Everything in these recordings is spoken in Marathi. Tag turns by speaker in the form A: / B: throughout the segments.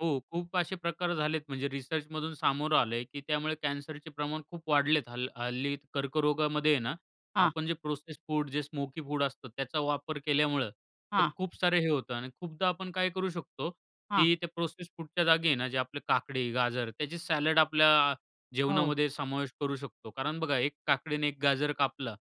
A: हो. खूप असे प्रकार झालेत म्हणजे रिसर्चमधून सामोरं आलंय की त्यामुळे कॅन्सरचे प्रमाण खूप वाढलेत. हल्ल हल्ली कर्करोगामध्ये आहे ना
B: हां.
A: आपण जे प्रोसेस्ड फूड जे स्मोकी फूड असतं त्याचा वापर केल्यामुळं तर
B: हां.
A: खूप सारं हे होतं आणि खूपदा आपण काय करू शकतो
B: हां.
A: की त्या प्रोसेस्ड फूडच्या जागी आहे ना आपले काकडी, गाजर त्याचे सॅलड आपल्या
B: हो.
A: जेवणामध्ये समावेश करू शकतो. कारण बघा, एक काकडी आणि एक गाजर कापला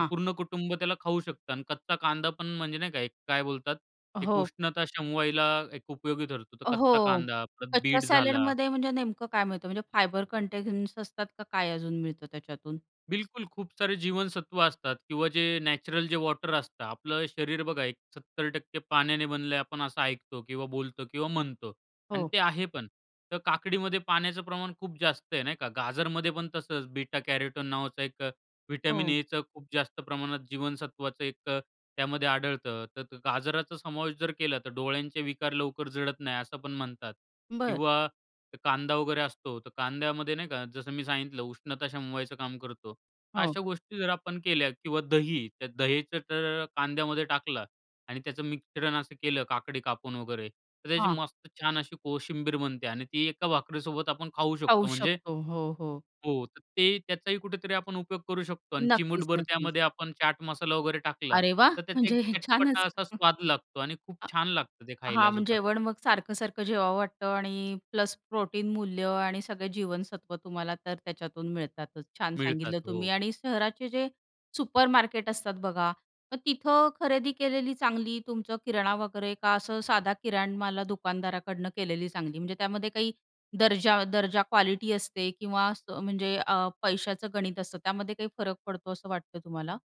A: तर पूर्ण कुटुंब त्याला खाऊ शकतं आणि कच्चा कांदा पण म्हणजे नाही का, काय बोलतात एक
B: हो.
A: उष्णता शमवायला एक उपयोगी ठरतो. तर कच्चा
B: हो.
A: कांदा, परत
B: कच्च्या
A: बीट झाला.
B: सॅलेडमध्ये म्हणजे नेमकं काय मिळतं? म्हणजे फायबर कंटेंट्स असतात का काय अजून मिळतं त्याच्यातून?
A: बिलकुल. खूप सारे जीवनसत्व असतात किंवा जे नॅचरल जे वॉटर असतं. आपलं शरीर बघा एक 70% पाण्याने बनलय आपण असं ऐकतो किंवा बोलतो किंवा म्हणतो. आणि
B: हो.
A: ते आहे पण. तर काकडीमध्ये पाण्याचं प्रमाण खूप जास्त आहे नाही का? गाजरमध्ये पण तसंच बेटा कॅरोटीन नावाचा एक व्हिटॅमिन
B: हो.
A: एच खूप जास्त प्रमाणात जीवनसत्वाचं एक त्यामध्ये आढळतं. तर गाजराचा समावेश जर केला तर डोळ्यांचे विकार लवकर जळत नाही असं पण म्हणतात.
B: बरं.
A: किंवा कांदा वगैरे असतो. तर कांद्यामध्ये नाही का जसं मी सांगितलं उष्णता शमवायचं काम करतो.
B: हो.
A: अशा गोष्टी जर आपण केल्या किंवा दही. त्या दहीचं तर कांद्यामध्ये टाकलं आणि त्याचं मिश्रण असं केलं काकडी कापून वगैरे तर त्याची
B: हां.
A: मस्त छान अशी कोशिंबीर बनते आणि ती एका भाकरी सोबत आपण खाऊ शकतो.
B: खाऊ
A: म्हणजे
B: शकतो. हो, हो.
A: हो. तर ते त्याचाही कुठेतरी आपण उपयोग करू शकतो आणि
B: नक्कीच,
A: चिमूटभर
B: नक्कीच.
A: त्यामध्ये आपण चाट मसाला वगैरे टाकला
B: अरे वाह!
A: तर त्याचा एक
B: म्हणजे छानच.
A: चटपटा असा
B: हं.
A: स्वाद लागतो आणि खूप
B: हां.
A: छान लागतं ते
B: हां.
A: खायला
B: मग
A: सुद्धा.
B: जेवण मग सारखं-सारखं जेवावं वाटतं आणि प्लस प्रोटीन मूल्य आणि सगळे जीवनसत्व तुम्हाला तर त्याच्यातून मिळतातच. छान
A: मिळतात.
B: सांगितलं तुम्ही.
A: हो.
B: आणि शहराचे जे सुपरमार्केट असतात बघा मग तिथं खरेदी केलेली चांगली तुमचं किराणा वगैरे का असं साधा किराण मलाला दुकानदाराकडनं केलेली चांगली? म्हणजे त्यामध्ये काही दर्जा दर्जा क्वालिटी असते किंवा असं म्हणजे पैसाचं गणित असतं त्यामध्ये काही फरक पडतो असं वाटतं तुम्हाला?